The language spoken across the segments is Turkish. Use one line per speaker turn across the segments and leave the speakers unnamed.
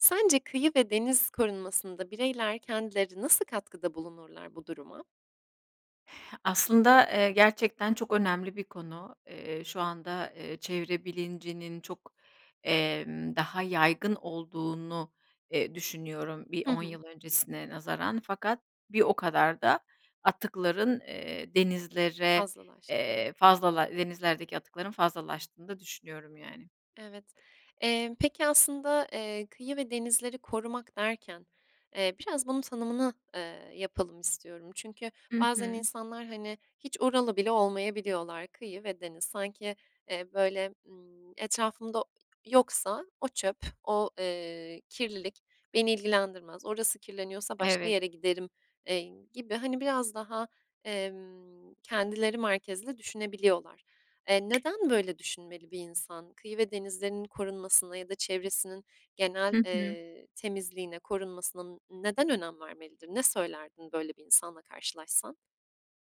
Sence kıyı ve deniz korunmasında bireyler kendileri nasıl katkıda bulunurlar bu duruma?
Aslında, eee, gerçekten çok önemli bir konu. Eee, şu anda, eee, çevre bilincinin çok, emm, daha yaygın olduğunu, eee, düşünüyorum bir
Hı
10
hı.
yıl öncesine nazaran. Fakat bir o kadar da atıkların, eee, denizlere,
Fazlalaştı.
eee, fazlala denizlerdeki atıkların fazlalaştığını da düşünüyorum, yani.
Evet. Eee, peki aslında, eee, kıyı ve denizleri korumak derken, eee, biraz bunun tanımın, eee, yapalım istiyorum. Çünkü
Hı
bazen
hı.
insanlar, hani, hiç oralı bile olmayabiliyorlar. Kıyı ve deniz. Sanki, eee, böyle, ımm, etrafımda yoksa o çöp o, eee, kirlilik beni ilgilendirmez. Orası kirleniyorsa başka
Evet.
yere giderim, eee, gibi, hani, biraz, emm, daha kendileri merkezli düşünebiliyorlar. Eee, neden, böyle, düşünmeli bir insan? Kıyı ve denizlerinin korunmasına ya da çevresinin genel,
Hı hı.
eee, temizliğine korunmasına n neden önem vermelidir? Ne söylerdin böyle bir insanla karşılaşsan?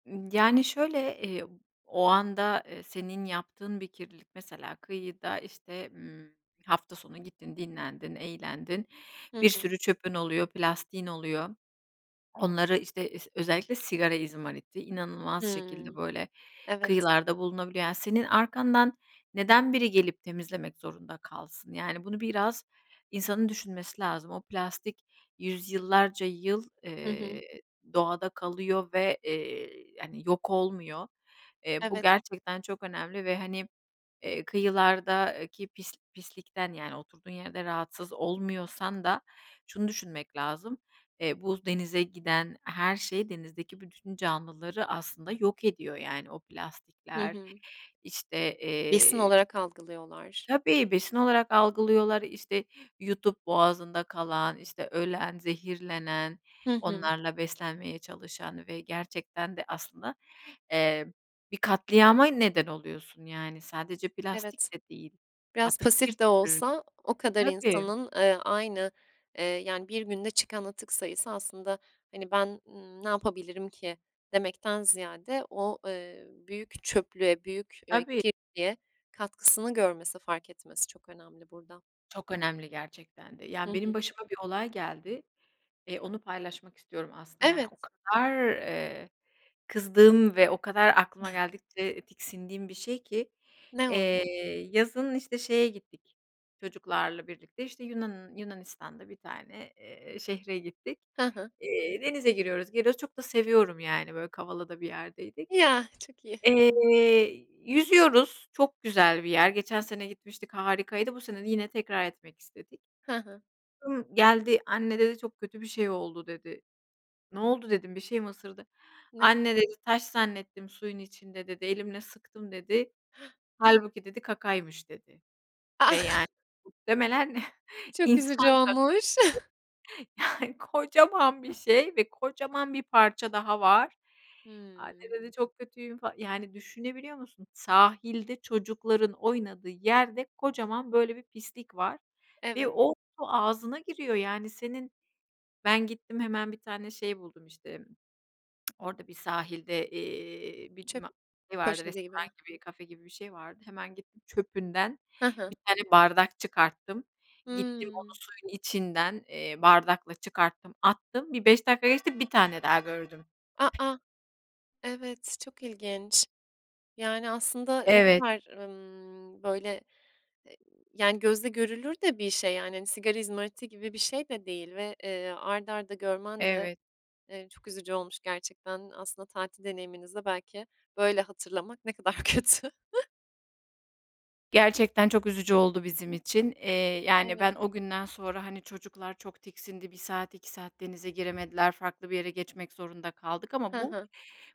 Imm, yani, şöyle, iii, o anda, eee, senin yaptığın bir kirlilik, mesela kıyıda, işte, ımm, hafta sonu gittin, dinlendin, eğlendin,
Hı
bir
hı.
sürü çöpün oluyor, plastiğin oluyor. Onları, işte, ıs özellikle sigara izmariti, inanılmaz şekilde,
Hıı.
böyle,
Evet.
kıyılarda bulunabiliyor. Yani, senin arkandan neden biri gelip temizlemek zorunda kalsın? Yani, bunu biraz insanın düşünmesi lazım. O plastik yüzyıllarca yıl,
Hı
ııı,
hı.
doğada kalıyor ve, eee, hani, yok olmuyor. Iıı, bu
Evet.
gerçekten çok önemli ve, hani, eee, kıyılardaki pisl pislikten, yani, oturduğun yerde rahatsız olmuyorsan da şunu düşünmek lazım, eee, bu denize giden her şey denizdeki bütün canlıları aslında yok ediyor, yani. O
Hı
plastikler,
hı.
işte,
Besin
eee
olarak algılıyorlar.
Tabii. Besin olarak algılıyorlar. İşte, yutup boğazında kalan, işte, ölen, zehirlenen,
Hı hı.
onlarla beslenmeye çalışan ve gerçekten de aslında, eee, bir katliama neden oluyorsun, yani, sadece
Evet.
plastik de değil,
Biraz
atık bir
pasif de
sürü.
olsa o kadar
Tabii.
insanın, eee, aynı, eee, yani, 1 günde çıkan atık sayısı aslında, hani, ben, ımm, ne yapabilirim ki, demekten ziyade o, eee, büyük çöplüğe, büyük, eee,
Tabii.
kirliliğe katkısını görmesi, fark etmesi çok önemli burada.
Çok önemli gerçekten de.
Hı
Yani, benim
hı.
başıma bir olay geldi. Eee, onu paylaşmak istiyorum aslında, yani,
Evet.
o kadar, eee, kızdığım ve o kadar aklıma geldikçe, eee, tiksindiğim bir şey ki.
Ne
Eee,
oldu?
yazın, işte, şeye gittik çocuklarla birlikte, işte, Yunan Yunanistan'da bir tane, eee, eee, şehre gittik.
Hı hı.
Eee, denize giriyoruz, geliyoruz, çok da seviyorum, yani, böyle, Kavala'da bir yerdeydik.
Ya! Çok iyi.
Eee, yüzüyoruz. Çok güzel bir yer. Geçen sene gitmiştik. Harikaydı. Bu sene de yine tekrar etmek istedik.
Hı hı.
Kızım geldi. "Anne" dedi, "Çok kötü bir şey oldu" dedi. "Ne oldu?" dedim, "Bir şey mi ısırdı?"
Ne?
"Anne" dedi, "Taş zannettim suyun içinde" dedi, "Elimle sıktım" dedi.
Hıı!
"Hâlbuki" dedi, "Kakaymış" dedi.
Ah!
Ve, yani, muhtemelen
Çok
insan
üzücü
kakası,
olmuş.
yani, kocaman bir şey ve kocaman bir parça daha var. "Anne"
Hıı.
dedi, "Çok kötüyüm fal" Yani, düşünebiliyor musun, sahilde, çocukların oynadığı yerde, kocaman böyle bir pislik var ve
Evet.
o su ağzına giriyor, yani, senin. Ben, gittim hemen bir tane şey buldum, işte, orada bir sahilde, iii, bir
Çöp
ma şey vardı
poşeti gibi
restoran
mi?
gibi, kafe gibi bir şey vardı. Hemen gittim çöpünden
Hı hı.
1 tane bardak çıkarttım. Gittim,
Hıı.
onu suyun içinden, eee, bardakla çıkarttım attım. Bir 5 dakika geçti, 1 tane daha gördüm.
A, a! Evet, çok ilginç. Yani, aslında ne
Evet.
kadar, ımm, böyle, eee, yani, gözle görülür de bir şey, yani. Hani, sigara izmariti gibi bir şey de değil ve, eee, art arda görmen de,
Evet.
eee, çok üzücü olmuş gerçekten. Aslında tatil deneyiminizi de belki böyle hatırlamak ne kadar kötü.
Gerçekten çok üzücü oldu bizim için. Eee, yani,
Evet.
ben, o günden sonra, hani, çocuklar çok tiksindi 1 saat, 2 saat denize giremediler. Farklı bir yere geçmek zorunda kaldık. Ama
Hı
bu,
hı.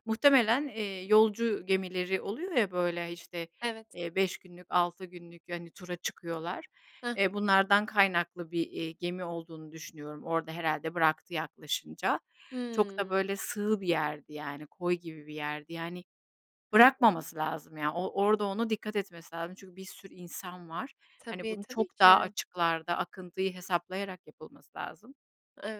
muhtemelen, eee, yolcu gemileri oluyor ya, böyle, işte,
Evet.
eee, 5 günlük, 6 günlük, hani, tura çıkıyorlar.
Hı
Eee,
hı.
bunlardan kaynaklı bir, eee, gemi olduğunu düşünüyorum, orada herhâlde bıraktı, yaklaşınca. Çok da,
Hıı.
böyle, sığ bir yerdi, yani. Koy gibi bir yerdi, yani,
Hı hı.
bırakmaması lazım, ya. O orada ona dikkat etmesi lazım çünkü bir sürü insan var. Hani,
Tabii,
bunu
tabii
çok daha
ki.
açıklarda akıntıyı hesaplayarak yapılması lazım.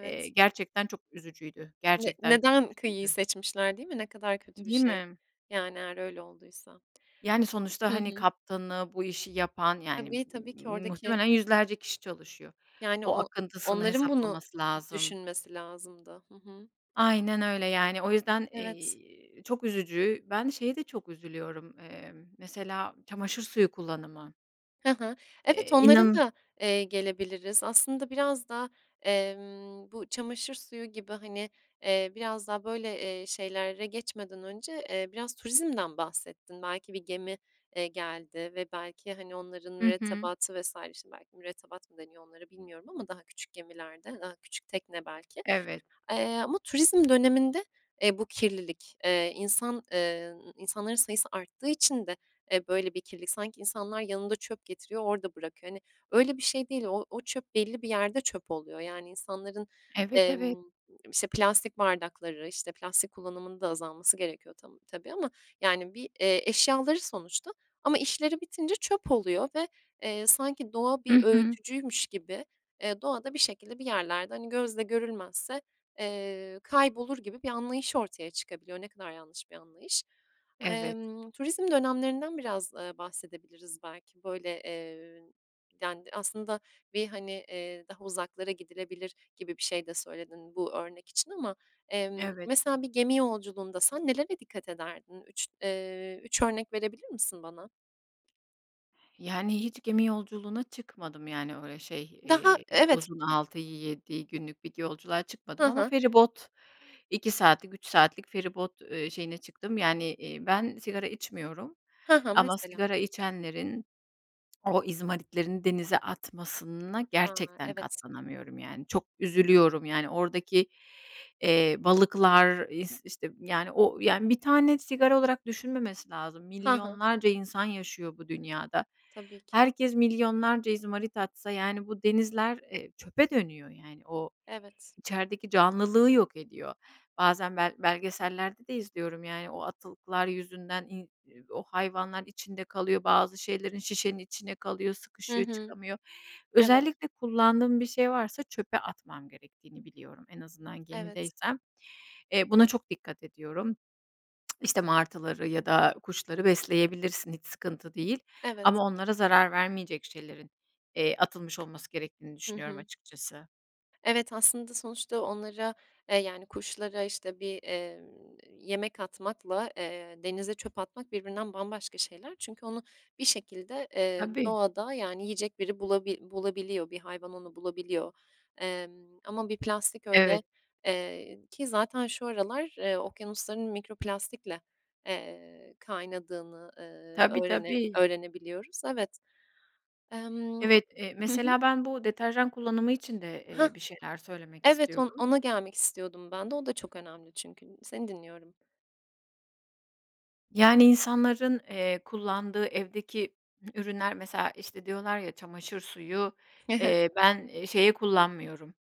Eee, gerçekten çok üzücüydü.
Ne
Gerçekten çok
neden kıyıyı
üzücüydü.
seçmişler, değil mi? Ne kadar kötü bir
Değil
şey?
mi?
Yani, eğer öyle olduysa.
Yani, sonuçta,
Hı
hani,
hı.
kaptanı, bu işi yapan, yani,
Tabii, tabii ki oradaki
muhtemelen yüzlerce kişi çalışıyor.
Yani,
O
o
akıntısını
onların bunu
hesaplaması lazım.
düşünmesi lazımdı. Hı hı.
Aynen öyle, yani, o yüzden,
Evet.
eee, çok üzücü. Ben, şeye de çok üzülüyorum, eee, mesela, çamaşır suyu kullanımı.
Hı hı. Evet,
Eee,
onlara
inan
da, eee, gelebiliriz. Aslında biraz da, emm, bu çamaşır suyu gibi, hani, eee, biraz daha böyle, eee, şeylere geçmeden önce, eee, biraz turizmden bahsettin. Belki bir gemi, eee, geldi ve belki, hani, onların
Hı hı.
mürettebatı vs. Şimdi belki mürettebat mı deniyor onlara bilmiyorum ama daha küçük gemilerde, daha küçük tekne, belki.
Evet.
Eee, ama turizm döneminde, eee, bu kirlilik, eee, insan, eee, insanların sayısı arttığı için de, eee, böyle bir kirlilik. Sanki insanlar yanında çöp getiriyor, orada bırakıyor, hani, öyle bir şey değil. O o çöp belli bir yerde çöp oluyor. Yani, insanların,
Evet, evet.
emm, işte, plastik bardakları, işte, plastik kullanımının da azalması gerekiyor tam tabii ama. Yani, bir, eee, eşyaları sonuçta ama işleri bitince çöp oluyor ve, eee, sanki doğa bir
Hı hı.
öğütücüymüş gibi, eee, doğada bir şekilde, bir yerlerde, hani, gözle görülmezse, eee, kaybolur gibi bir anlayış ortaya çıkabiliyor. Ne kadar yanlış bir anlayış.
Evet.
Emm, turizm dönemlerinden biraz, eee, bahsedebiliriz belki. Böyle, eee, yani, aslında, bir, hani, eee, daha uzaklara gidilebilir gibi bir şey de söyledin bu örnek için ama. Emm,
Evet.
mesela bir gemi yolculuğunda sen nelere dikkat ederdin? 3, eee, 3 örnek verebilir misin bana?
Yani, hiç gemi yolculuğuna çıkmadım. Yani, öyle şey,
Daha,
eee,
evet.
uzun, 6-7 günlük bir yolculuğa
Hı
çıkmadım ama
hı.
feribot 2 saatlik, 3 saatlik feribot, eee, şeyine çıktım. Yani, eee, ben, sigara içmiyorum
Hı hı,
ama
mesela.
sigara içenlerin o izmaritlerini denize atmasına
A!
gerçekten
Evet.
katlanamıyorum. Yani, çok üzülüyorum, yani, oradaki, eee, balıklar, is işte, yani, o, yani, 1 tane sigara olarak düşünmemesi lazım,
Hı hı.
milyonlarca insan yaşıyor bu dünyada.
Tabii ki.
Herkes milyonlarca izmarit atsa, yani, bu denizler, eee, çöpe dönüyor, yani. O,
Evet.
içerideki canlılığı yok ediyor. Bazen ben,
Hı hı.
belgesellerde de izliyorum, yani, o atıklar yüzünden i e o hayvanlar içinde kalıyor bazı şeylerin. Şişenin içinde kalıyor,
Hı
sıkışıyor,
hı,
çıkamıyor.
evet.
Özellikle kullandığım bir şey varsa çöpe atmam gerektiğini biliyorum en azından
Evet.
gemideysem. Eee, buna çok dikkat ediyorum. işte, martıları ya da kuşları besleyebilirsin hiç sıkıntı değil
Evet.
ama onlara zarar vermeyecek şeylerin, eee, atılmış olması gerektiğini
Hı
düşünüyorum,
hı.
açıkçası.
Evet, aslında sonuçta onlara, eee, yani kuşlara işte bir, emm, yemek atmakla, eee, denize çöp atmak birbirinden bambaşka şeyler çünkü onu bir şekilde, eee,
Tabii.
doğada yani yiyecek biri bulabi bulabiliyor, bir hayvan onu bulabiliyor. Emm, ama bir plastik
Evet.
öyle, eee, ki zaten şu aralar, eee, okyanusların mikroplastikle, eee, kaynadığını, eee,
Tabii,
öğrene
tabii.
öğrenebiliyoruz, evet. Emm,
Evet, eee,
hı hı.
mesela ben bu deterjan kullanımı için de,
Hah.
eee, bir şeyler söylemek
Evet on
istiyordum.
ona gelmek istiyordum ben de. O da çok önemli çünkü. Seni dinliyorum.
Yani insanların, eee, kullandığı evdeki ürünler mesela işte diyorlar ya çamaşır suyu,
Hı hı.
eee, ben şeye kullanmıyorum,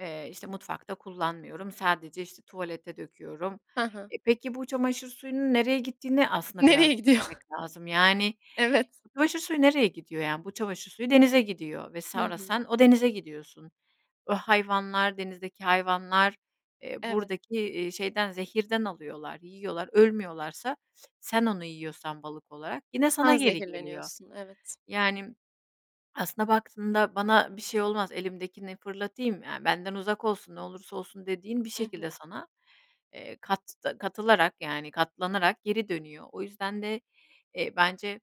eee, işte mutfakta kullanmıyorum, sadece işte tuvalete döküyorum.
Ha ha.
E, peki bu çamaşır suyunun nereye gittiğini aslında biraz
Nereye gidiyor?
düşünmek lazım, yani
Evet.
çamaşır suyu nereye gidiyor, yani bu çamaşır suyu denize gidiyor ve
Hı
sonra
hı.
sen o denize gidiyorsun. O hayvanlar, denizdeki hayvanlar, eee,
Evet.
buradaki, eee, şeyden, zehirden alıyorlar, yiyorlar, ölmüyorlarsa sen onu yiyorsan balık olarak yine sana
Sen
geri geliyor.
zehirleniyorsun, evet.
Yani aslında baktığında bana bir şey olmaz elimdekini fırlatayım, ya benden uzak olsun, ne olursa olsun dediğin bir
Hı hı.
şekilde sana, eee, katta katılarak yani katlanarak geri dönüyor. O yüzden de, eee, bence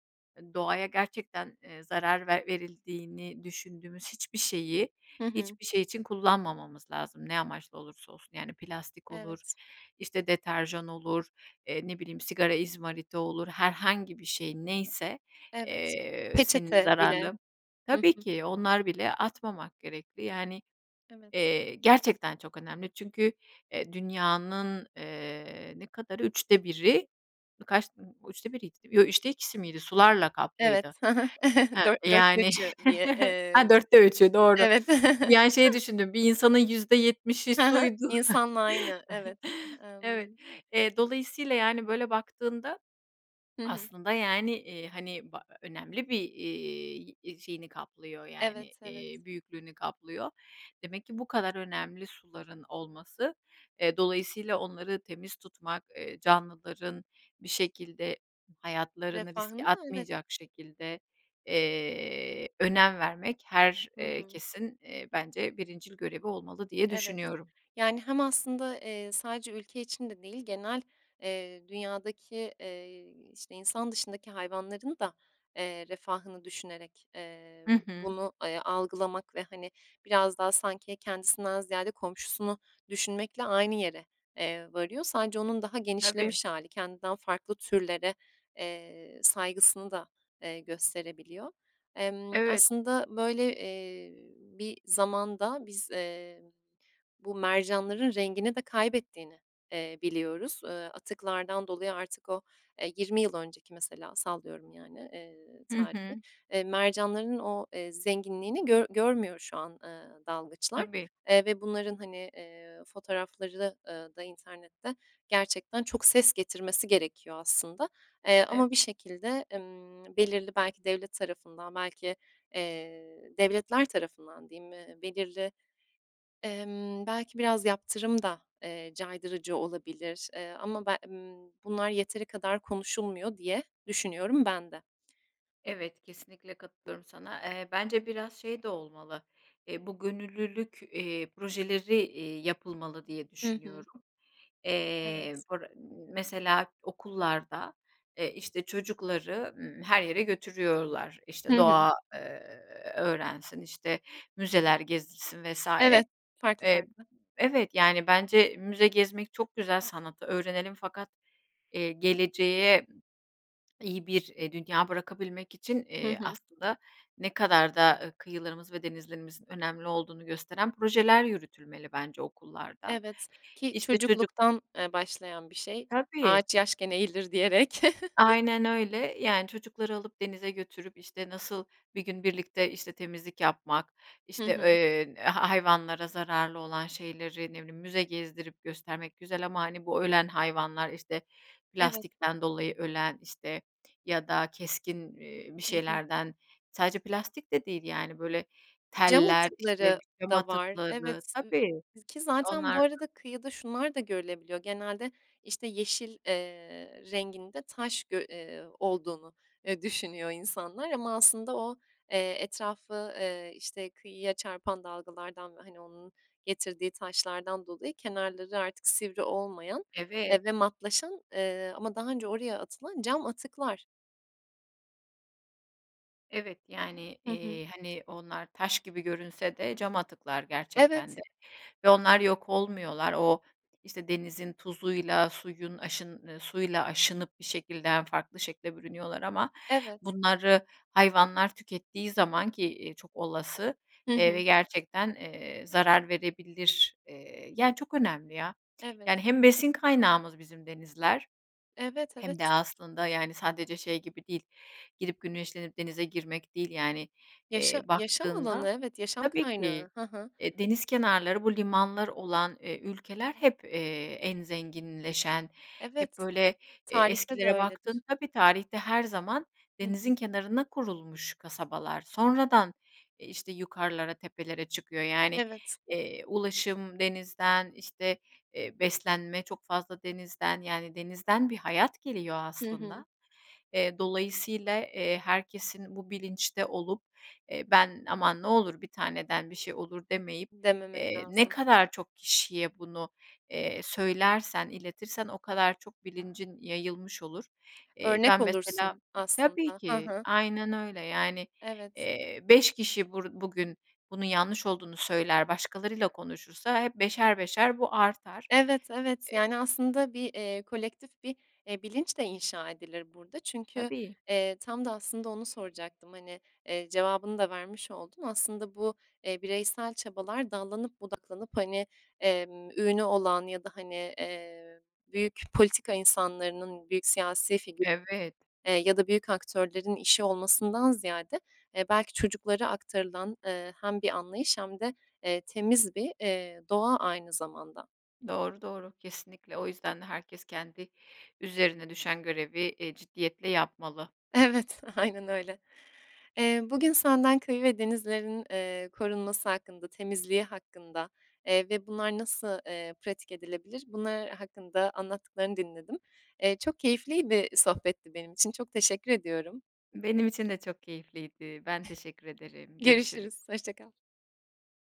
doğaya gerçekten, eee, zarar ver verildiğini düşündüğümüz hiçbir şeyi,
Hı hı.
hiçbir şey için kullanmamamız lazım, ne amaçla olursa olsun. Yani plastik olur,
Evet.
işte deterjan olur, eee, ne bileyim sigara izmariti olur, herhangi bir şey neyse,
Evet.
eee, senin
Peçete bile.
zararlı.
Hı
Tabii
hı.
ki, onlar bile atmamak gerekli. Yani,
Evet.
eee, gerçekten çok önemli çünkü, eee, dünyanın, ııı, ne kadarı 3'te 1'i kaç 3'te 1'iydi değil mi Yo, 3'te 2'si miydi, sularla
Evet,
kaplıydı.
ha ha,
Ha,
dört dörtte
yani
üçü diye,
ha
eee.
4'te 3'ü, doğru.
Evet.
Yani şeyi düşündüm bir insanın %70'i
Ha ha.
suydu.
İnsanla aynı, evet,
Evet,
emm
eee, dolayısıyla yani böyle baktığında
Hı hı.
aslında yani, iii, hani ba önemli bir, iii, yi şeyini kaplıyor yani,
Evet, evet.
iii, büyüklüğünü kaplıyor. Demek ki bu kadar önemli suların olması, eee, dolayısıyla onları temiz tutmak, eee, canlıların bir şekilde hayatlarını riske
Refahını da, evet.
atmayacak şekilde, eee, önem vermek her,
Hı
eee,
hı.
kesin, eee, bence birincil görevi olmalı diye
Evet.
düşünüyorum.
Yani hem aslında, eee, sadece ülke için de değil, genel, eee, dünyadaki, eee, işte insan dışındaki hayvanların da, eee, refahını düşünerek,
Hı
emm,
hı.
bunu, eee, algılamak ve hani, biraz daha sanki kendisinden ziyade komşusunu düşünmekle aynı yere, eee, varıyor. Sadece onun daha
Tabii.
genişlemiş hâli, kendinden farklı türlere, eee, saygısını da, eee, gösterebiliyor. Emm,
Evet.
aslında böyle, eee, bir zamanda biz, eee, bu mercanların rengini de kaybettiğini, eee, biliyoruz. Eee, atıklardan dolayı artık o, eee, 20 yıl önceki mesela sallıyorum yani, eee,
Hı
tarihi.
hı.
Eee, mercanların o, eee, zenginliğini gör görmüyor şu an, eee, dalgıçlar,
Tabii.
eee, ve bunların hani, eee, fotoğrafları, eee, da internette gerçekten çok ses getirmesi gerekiyor aslında. Eee,
Ev
ama bir şekilde, emm, belirli belki devlet tarafından belki, eee, devletler tarafından diyeyim, ııı, belirli, emm, belki biraz yaptırım da, eee, caydırıcı olabilir, eee, ama be emm, bunlar yeteri kadar konuşulmuyor diye düşünüyorum ben de.
Evet, kesinlikle katılıyorum sana. Eee, bence biraz şey de olmalı. Eee, bu gönüllülük, eee, projeleri, iii, yapılmalı diye
Hı hı.
düşünüyorum. Eee,
Evet.
bur mesela okullarda, eee, işte çocukları, ımm, her yere götürüyorlar.
Hı
İşte
hı.
doğa, eee, öğrensin, işte müzeler gezilsin vs.
Evet. Farklı
Eee,
farklı.
evet yani bence müze gezmek çok güzel. Sanatı öğrenelim fakat, eee, geleceğe iyi bir, eee, dünya bırakabilmek için,
Hı
eee,
hı.
aslında ne kadar da, aaa, kıyılarımız ve denizlerimizin önemli olduğunu gösteren projeler yürütülmeli bence okullarda.
Evet. Ki
İşte çocuk [unintelligible]
çocukluktan, eee, başlayan bir şey.
Tabii.
"Ağaç yaşken eğilir." diyerek.
Aynen öyle, yani çocukları alıp denize götürüp, işte, nasıl bir gün birlikte, işte, temizlik yapmak,
Hı
işte,
hı.
eee, ha hayvanlara zararlı olan şeyleri, ne bileyim, müze gezdirip göstermek güzel ama hani bu ölen hayvanlar, işte
Evet.
plastikten dolayı ölen, işte ya da keskin, ııı, bir
Hı hı.
şeylerden sadece plastik de değil yani böyle
Cam
teller, işte
atıkları
cam
da var.
atıkları,
Evet, ııı,
tabii.
ki zaten bu
Onlardan
arada kıyıda şunlar da görülebiliyor. Genelde işte yeşil, eee, renginde taş gö ııı, olduğunu, eee, düşünüyor insanlar ama aslında o, eee, etrafı, eee, işte kıyıya çarpan dalgalardan ve hani onun getirdiği taşlardan dolayı kenarları artık sivri olmayan,
Evet.
eee, ve matlaşan, eee, ama daha önce oraya atılan cam atıklar.
Evet. Yani,
Hı hı.
eee, hani, onlar taş gibi görünse de cam atıklar gerçekten
Evet.
de ve onlar yok olmuyorlar. O, işte, denizin tuzuyla suyun aşın eee, suyla aşınıp bir şekilde hem farklı şekle bürünüyorlar ama
Evet.
bunları hayvanlar tükettiği zaman ki, eee, çok olası,
Hı
eee, ve
hı.
gerçekten, eee, zarar verebilir. Eee, yani, çok önemli ya.
Evet.
Yani, hem besin kaynağımız bizim denizler
Evet,
hem de
evet.
aslında, yani, sadece şey gibi değil girip güneşlenip denize girmek değil. Yani, eee,
Yaşa yaşam alanı
baktığında
evet, yaşam
Tabii ki.
kaynağı, hı hı.
E, deniz kenarları bu limanlar olan, eee, ülkeler hep, eee, en zenginleşen hep,
Evet.
böyle, eee,
Tarihte de
eskilere baktığında
öyledir.
tabii, tarihte her zaman
Hı
denizin
hı.
kenarına kurulmuş kasabalar. Sonradan, e, işte, yukarılara tepelere çıkıyor. Yani,
Evet.
eee, ulaşım denizden, işte, eee, beslenme çok fazla denizden, yani, denizden bir hayat geliyor
Hı
aslında.
hı.
Eee, dolayısıyla, eee, herkesin bu bilinçte olup, eee, ben "aman ne olur 1 taneden bir şey olur demeyip"
Dememek
eee, ne
lazım.
kadar çok kişiye bunu, eee, söylersen, iletirsen o kadar çok bilincin yayılmış olur. Eee,
Örnek
ben mesela
olursun
Tabii
aslında. Hı
ki.
hı.
Aynen öyle, yani,
Evet.
eee, 5 kişi bur bugün bunun yanlış olduğunu söyler başkalarıyla konuşursa hep beşer beşer bu artar.
Evet, evet.
Eee
Yani, aslında bir, eee, kolektif bir, eee, bilinç de inşa edilir burada. Çünkü,
Tabii.
eee, tam da aslında onu soracaktım, hani, eee, cevabını da vermiş oldun. Aslında bu, eee, bireysel çabalar dallanıp budaklanıp, hani, emm, ünü olan ya da, hani, eee, büyük politika insanlarının, büyük siyasi figür
Evet.
eee, ya da büyük aktörlerin işi olmasından ziyade, eee, belki çocuklara aktarılan, eee, hem bir anlayış hem de, eee, temiz bir, eee, doğa aynı zamanda.
Doğru, doğru. Kesinlikle. O yüzden herkes kendi üzerine düşen görevi, eee, ciddiyetle yapmalı.
Evet, aynen öyle. Eee, bugün senden köyü ve denizlerin, eee, korunması hakkında, temizliği hakkında, eee, ve bunlar nasıl, eee, pratik edilebilir, bunlar hakkında anlattıklarını dinledim. Eee, çok keyifliydi, sohbetti benim için. Çok teşekkür ediyorum.
Benim için de çok keyifliydi. Ben teşekkür ederim, görüşürüz.
Görüşürüz, hoşça kal.